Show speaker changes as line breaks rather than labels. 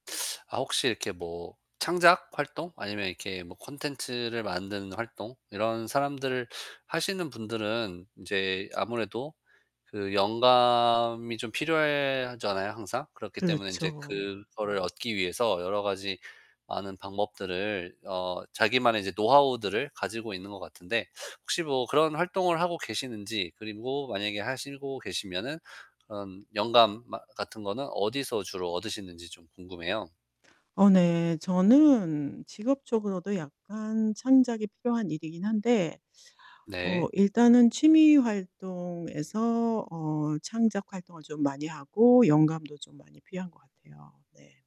아 혹시 이렇게 뭐 창작 활동, 아니면 이렇게 뭐 콘텐츠를 만드는 활동, 이런 사람들 하시는 분들은 인제 아무래도 그 영감이 좀 필요해 하잖아요, 항상. 그렇기 때문에 인제
그렇죠.
그거를 얻기 위해서 여러 가지 많은 방법들을 어 자기만의 이제 노하우들을 가지고 있는 것 같은데 혹시 뭐 그런 활동을 하고 계시는지 그리고 만약에 하시고 계시면은 그런 영감 마 같은 거는 어디서 주로 얻으시는지 좀 궁금해요.
어 네. 저는 직업적으로도 약간 창작이 필요한 일이긴 한데 어
네.
일단은 취미 활동에서 어 창작 활동을 좀 많이 하고 영감도 좀 많이 필요한 것 같아요. 네.